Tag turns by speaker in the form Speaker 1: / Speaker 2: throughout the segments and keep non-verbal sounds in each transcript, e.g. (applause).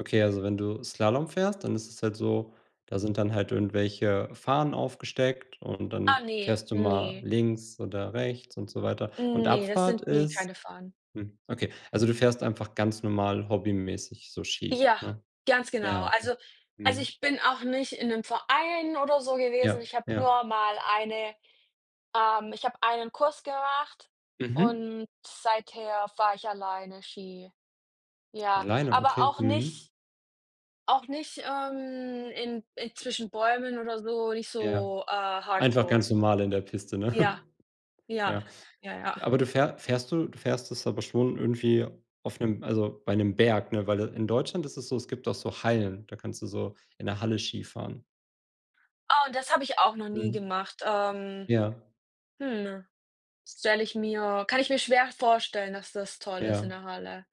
Speaker 1: Okay, also wenn du Slalom fährst, dann ist es halt so, da sind dann halt irgendwelche Fahnen aufgesteckt und dann
Speaker 2: Ah ne,
Speaker 1: fährst du mal
Speaker 2: ne.
Speaker 1: links oder rechts und so weiter, und
Speaker 2: Ne, das
Speaker 1: Abfahrt
Speaker 2: sind, ne,
Speaker 1: ist
Speaker 2: keine Fahnen.
Speaker 1: hm, okay, also du fährst einfach ganz normal hobbymäßig so Ski,
Speaker 2: Ja,
Speaker 1: ne?
Speaker 2: ganz genau.
Speaker 1: Naja, okay.
Speaker 2: Also also,
Speaker 1: Mhm.
Speaker 2: ich bin auch nicht in 'nem Verein oder so gewesen,
Speaker 1: Ja.
Speaker 2: ich habe
Speaker 1: Ja.
Speaker 2: nur mal eine ähm, ich habe einen Kurs gemacht
Speaker 1: Mhm.
Speaker 2: und seither fahre ich alleine Ski. Ja,
Speaker 1: Alleine,
Speaker 2: aber
Speaker 1: okay.
Speaker 2: auch
Speaker 1: Mhm.
Speaker 2: nicht auch nicht, ähm, in in zwischen Bäumen oder so nicht
Speaker 1: Ja,
Speaker 2: so, äh,
Speaker 1: einfach
Speaker 2: Hardcore.
Speaker 1: ganz normal in der Piste, ne?
Speaker 2: Ja, ja,
Speaker 1: Ja,
Speaker 2: ja, ja.
Speaker 1: aber du fähr fährst du du fährst es aber schon irgendwie auf 'nem also, bei 'nem Berg, ne, weil, äh, in Deutschland ist es so, es gibt doch so Hallen, da kannst du so in 'ner Halle Skifahren.
Speaker 2: Oh, das habe ich auch noch nie
Speaker 1: Mhm.
Speaker 2: gemacht, ähm,
Speaker 1: Ja.
Speaker 2: hm stelle ich mir kann ich mir schwer vorstellen, dass das toll ist in
Speaker 1: Ja.
Speaker 2: der Halle.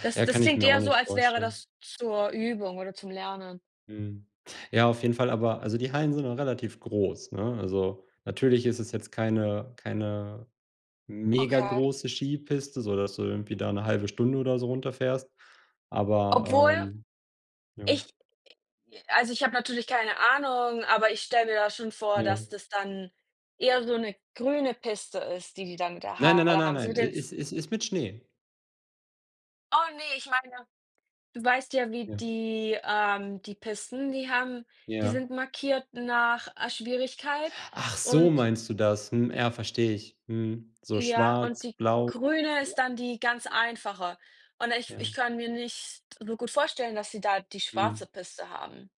Speaker 2: Das
Speaker 1: Ja,
Speaker 2: das
Speaker 1: kann ich
Speaker 2: klingt
Speaker 1: mir auch
Speaker 2: eher so,
Speaker 1: nicht
Speaker 2: als wäre
Speaker 1: vorstellen.
Speaker 2: das zur Übung oder zum Lernen.
Speaker 1: Mhm, ja, auf jeden Fall, aber also, die Hallen sind nun relativ groß, ne? Also, natürlich ist es jetzt keine keine
Speaker 2: Okay.
Speaker 1: megagroße Skipiste, so dass du irgendwie da 'ne 1/2 Stunde oder so runterfährst, aber,
Speaker 2: Obwohl
Speaker 1: ähm ja.
Speaker 2: ich also, ich habe natürlich keine Ahnung, aber ich stelle mir da schon vor, dass
Speaker 1: Ja.
Speaker 2: das dann eher so 'ne grüne Piste ist, die die dann da in der
Speaker 1: Nein, nein, nein,
Speaker 2: Halle
Speaker 1: nein,
Speaker 2: haben, so
Speaker 1: nein,
Speaker 2: mit
Speaker 1: e
Speaker 2: den F
Speaker 1: es es ist mit Schnee.
Speaker 2: Oh ne, ich meine du weißt ja, wie
Speaker 1: Ja.
Speaker 2: die ähm, die Pisten, die haben die
Speaker 1: Ja.
Speaker 2: sind markiert nach, äh, Schwierigkeit
Speaker 1: Ach so,
Speaker 2: und
Speaker 1: meinst du das. Hm, ja, verstehe ich, mhm, so
Speaker 2: Ja,
Speaker 1: schwarz,
Speaker 2: und die
Speaker 1: blau (unintelligible)
Speaker 2: grüne
Speaker 1: Ja.
Speaker 2: ist dann die ganz einfache und ich
Speaker 1: Ja.
Speaker 2: ich kann mir nicht so gut vorstellen, dass sie da die schwarze
Speaker 1: Mhm.
Speaker 2: Piste haben.